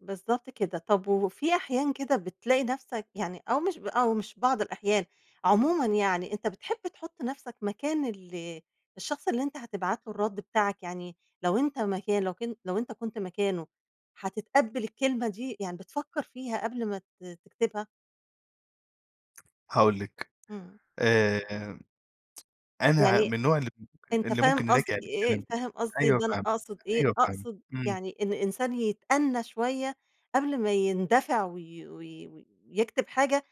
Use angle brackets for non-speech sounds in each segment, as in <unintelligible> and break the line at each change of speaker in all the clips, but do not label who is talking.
بالضبط كده، طب وفي أحيان كده بتلاقي نَفسك يعني أو مش ب أو مش بعض الأحيان، عمومًا يعني أنت بتحب تحط نَفسك مكان ال الشخص اللي أنت هتبعت له الرد بتاعك، يعني لو أنت مكان لو كن لو أنت كنت مكانه هتتقبل الكلمة دي، يعني بتفكّر فيها قبل ما ت تكتبها؟
هاقول لِك،
إمم.
آآ، أنا ع من
يعني
النوع اللي ممكن
أنت
اللي
فاهم
ممكن أراجع
قصدي إيه؟
الكلام،
فاهم قصدي
أيوه
إن أنا
فاهمِك،
أقصد إيه؟
أيوه فاهمِك،
أقصد
إمم.
يعني إن الإنسان يتأنى شوية قبل ما يندفع وي وي ويكتب حاجة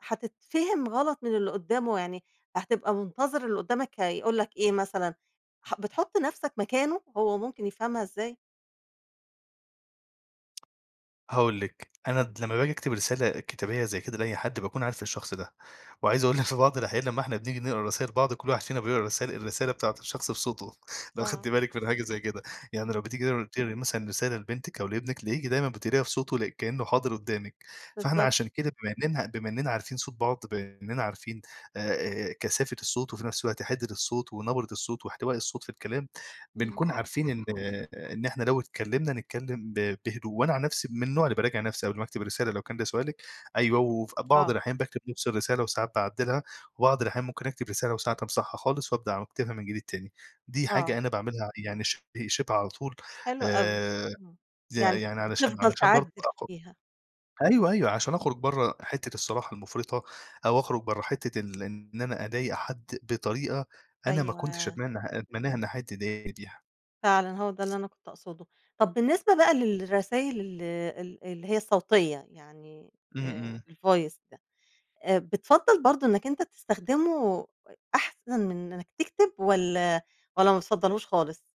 هتتفهم غلط من اللي قُدّامه، يعني هتبقى منتظر اللي قُدّامك هيقول لك إيه مثلًا، ح بتحُط نَفسك مكانه، هو ممكن يفهمها إزاي؟
هاقول لِك، أنا
<unintelligible>
د لمّا باجي أكتب رسالة كتابية زي كده لأي حد باكون عارف الشخص ده، وعايز أقول لِك في بعض الأحيان لمّا إحنا بنيجي نقرا رسايل بعض، كُلّ واحد فينا بيقرا الرسالة الرسالة بتاعة الشخص بصوته، لو
آه.
خدتي بالِك من حاجة زي كده، يعني لو
اهم.
بتيجي تقر تقري مثلًا رسالة لبنتِك أو لابنِك تلاقيكِ دايمًا بتقريها بصوته كأنه حاضر قُدّامِك، فإحنا
بالضبط.
عشان كده بما إننا بما إننا عارفين صوت بعض، بما إننا عارفين آآ آآ، كثافة الصوت وفي نَفس الوقت حدّة الصوت ونبرة الصوت واحتواء الصوت في الكلام،
إمم.
بنكون عارفين إن إن إحنا لو اتكلمنا نتكلم ب بهدوء، وأنا عن نَفسي من النوع اللي باراجع نَفسي قبل ما أكتب رسالة لو كان ده سؤالِك، أيوه، وفي بعض
آه.
الأحيان باكتب نَفس الرسالة وساعات باعدّلها، وبعض الأحيان ممكن أكتب رسالة وساعات أمسحها خالص وابدأ واكتبها من جديد تاني. دي حاجة
آه.
أنا باعملها يعني شِبه شِبه على طول،
حلو أوي،
آآ،
امم،
يع
يعني
يعني علشان
بتفضل
علشان برضو
تعدّل
أخ
فيها.
أيوه أيوه عشان
إمم.
أخرج برّا حِتّة الصراحة المفرطة، أو أخرج برّا حِتّة ال إن أنا أضايق حد بطريقة أنا ما كنتش
أيوه.
أتمنه أتمناها إن حد يضايقني بيها.
فعلًا هو ده اللي أنا كنت أقصده. طب بالنسبة بقى للرسايل ال ال اللي هي الصوتية يعني،
إمم
آآ،
إمم.
الvoice ده، آآ، بتفَضّل برضو إنّك أنت تستخدمه أحسن من إنّك تكتب والّا والّا ما بتفضلهوش خالص؟